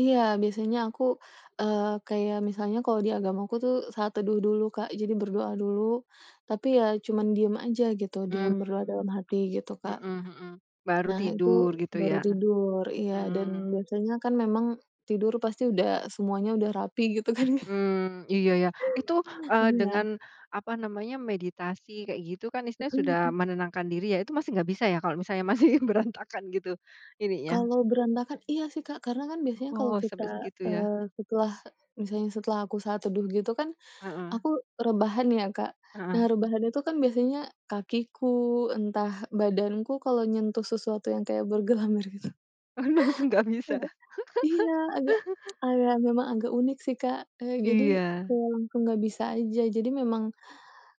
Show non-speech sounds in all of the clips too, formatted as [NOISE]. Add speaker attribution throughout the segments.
Speaker 1: Iya biasanya aku, eee, kayak misalnya kalau di agamaku tuh saat teduh dulu Kak, jadi berdoa dulu tapi ya cuman diam aja gitu diam
Speaker 2: Hmm.
Speaker 1: berdoa dalam hati gitu Kak.
Speaker 2: Mhm mhm. Baru
Speaker 1: Nah itu
Speaker 2: tidur gitu
Speaker 1: baru
Speaker 2: ya?
Speaker 1: tidur iya dan
Speaker 2: Mmm.
Speaker 1: biasanya kan memang tidur pasti udah semuanya udah rapi gitu kan.
Speaker 2: Mmm. Iya ya itu, eee,
Speaker 1: Iya.
Speaker 2: dengan, apa namanya, meditasi kayak gitu kan istilahnya
Speaker 1: Mhm
Speaker 2: sudah
Speaker 1: mhm.
Speaker 2: menenangkan diri ya, itu masih nggak bisa ya kalau misalnya masih berantakan gitu ininya?
Speaker 1: Kalau berantakan iya sih Kak karena kan biasanya kalau
Speaker 2: Oh
Speaker 1: kita,
Speaker 2: sampai segitu ya.
Speaker 1: eee, setelah misalnya setelah aku saat teduh gitu kan,
Speaker 2: Heeh.
Speaker 1: aku rebahan ya, Kak. Nah
Speaker 2: Heeh.
Speaker 1: rebahan itu kan biasanya kakiku, entah badanku kalau nyentuh sesuatu yang kayak bergelambir gitu
Speaker 2: Oh langsung nggak bisa.
Speaker 1: agak iya. Agak
Speaker 2: [CHUCKLES]
Speaker 1: [TSK] agak agak emang agak unik sih Kak, eee, jadi
Speaker 2: Iya.
Speaker 1: kalau aku nggak bisa aja, jadi memang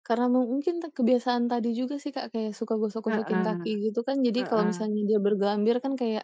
Speaker 1: karena mu mungkin kebiasaan tadi juga sih Kak, kayak suka gosok-gosokin kaki
Speaker 2: Heeh.
Speaker 1: gitu kan jadi kalau
Speaker 2: Heeh.
Speaker 1: misalnya dia bergelambir kan kayak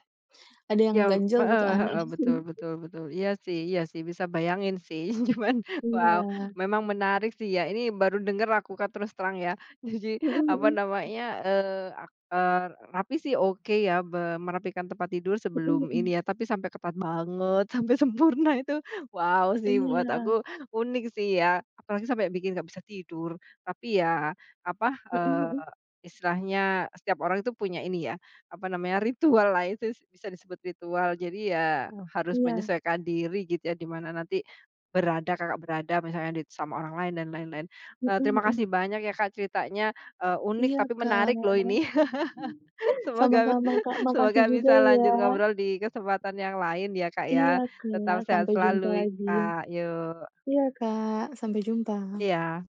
Speaker 1: ada yang
Speaker 2: Jam
Speaker 1: ganjel gitu,
Speaker 2: heeh
Speaker 1: aneh.
Speaker 2: heeh,
Speaker 1: Mhm mhm.
Speaker 2: betul betul betul, iya sih iya sih, bisa bayangin sih. Cuman, wow,
Speaker 1: Iya.
Speaker 2: memang menarik sih ya, ini baru denger aku Kak terus terang ya. Jadi,
Speaker 1: Mhm
Speaker 2: apa
Speaker 1: mhm.
Speaker 2: namanya, eee, ak eee, rapi sih oke ya be merapikan tempat tidur
Speaker 1: Mhm
Speaker 2: sebelum
Speaker 1: mhm.
Speaker 2: ini ya tapi sampai ketat banget sampai sempurna itu wow sih, buat
Speaker 1: Iya.
Speaker 2: aku unik sih ya apalagi sampai bikin nggak bisa tidur. Tapi ya, apa,
Speaker 1: Heeh
Speaker 2: eee,
Speaker 1: heeh.
Speaker 2: istilahnya setiap orang itu punya ini ya, apa namanya, ritual lah itu bisa disebut ritual jadi ya harus
Speaker 1: Iya.
Speaker 2: menyesuaikan diri gitu ya di mana nanti berada, Kakak berada misalnya di sama orang lain dan lain-lain,
Speaker 1: Heeh
Speaker 2: eee, terima
Speaker 1: heeh.
Speaker 2: kasih banyak ya Kak ceritanya, eee, unik
Speaker 1: Iya
Speaker 2: tapi
Speaker 1: kan.
Speaker 2: menarik loh ini. [LAUGHS] Semoga
Speaker 1: Sama-sama Kak,
Speaker 2: [CHUCKLES] semoga
Speaker 1: makasih juga
Speaker 2: bisa
Speaker 1: ya.
Speaker 2: lanjut ngobrol di kesempatan yang lain ya Kak
Speaker 1: Iya
Speaker 2: ya, tetap
Speaker 1: Kak
Speaker 2: sehat
Speaker 1: sampai jumpa
Speaker 2: selalu i
Speaker 1: lagi.
Speaker 2: Kak, yok.
Speaker 1: Iya Kak sampai jumpa.
Speaker 2: Iya.